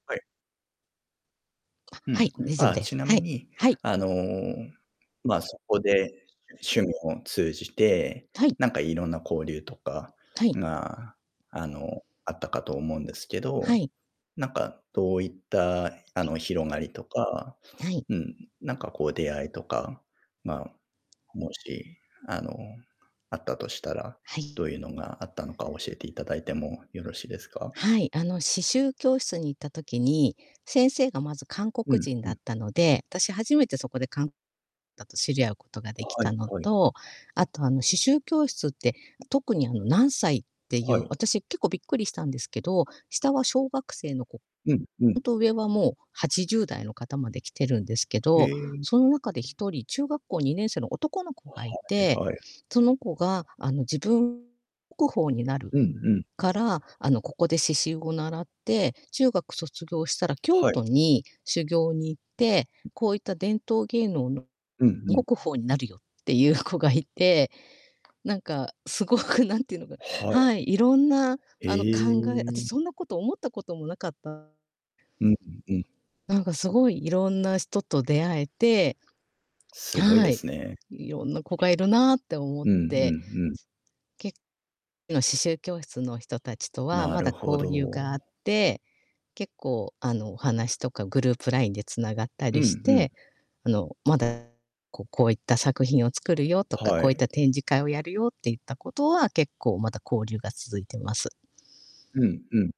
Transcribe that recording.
はい。あ、うはん。い、大丈夫あ、でちす。なはみい、に、はい。あの、まあ、そこで、趣味を通じて、はい。なんかいろんな交流とかはい。が、あの、あったかと思うんですけはど、い。なんか、どういった、あ [unintelligible] の、広がりとかはい。うん、なんかこう、出会いとかが、もし、あの、あったとしたら、はどい。ういうのがあったのか教えていただいてもよろしいですか？はい、あの、刺繍教室に行った時に、先生がまず韓う国ん人うだっん。たので、たし、初めてそこで、かんたと知り合うことができはいたのはい。と、あと、あの、刺繍教室って、特に、あの、何歳っていはうい。私、結構びっくりしたんですけど、下は小学生の子、うんうほん。んと、上はもう80代の方まで来てるんですけへど、え。うその中でひん。とり、中学校2年生の男の子がいて、はいはい。その子が、あの、自分こ宝になるうんうん。から、あの、ここで刺繍を習って、中学卒業したら京はい。都に修行に行って、うん。こういった伝統芸能のうんうにん。国宝になるよっていう子がいてなんか、すごく、なんていうのかはない。はい、いろんな、へあの、考えあたし、え。そんなこと思ったこともなかった。うんうんうん。なんか、すごい、色んな人と出会えてすごいはでい、すね。いろんな子がいるなって思っうんうて、すんうん。けの、刺繍教室の人達とはなまるだほ交流があっど。て、結構、あの、お話とか、グループラインで繋がったうりしんうん。て、あの、まだ、ここういった作品を作るよ、とか、はこういっい。た展示会をやるよっていったことは、結構、まだ交流が続いてます。うんうん。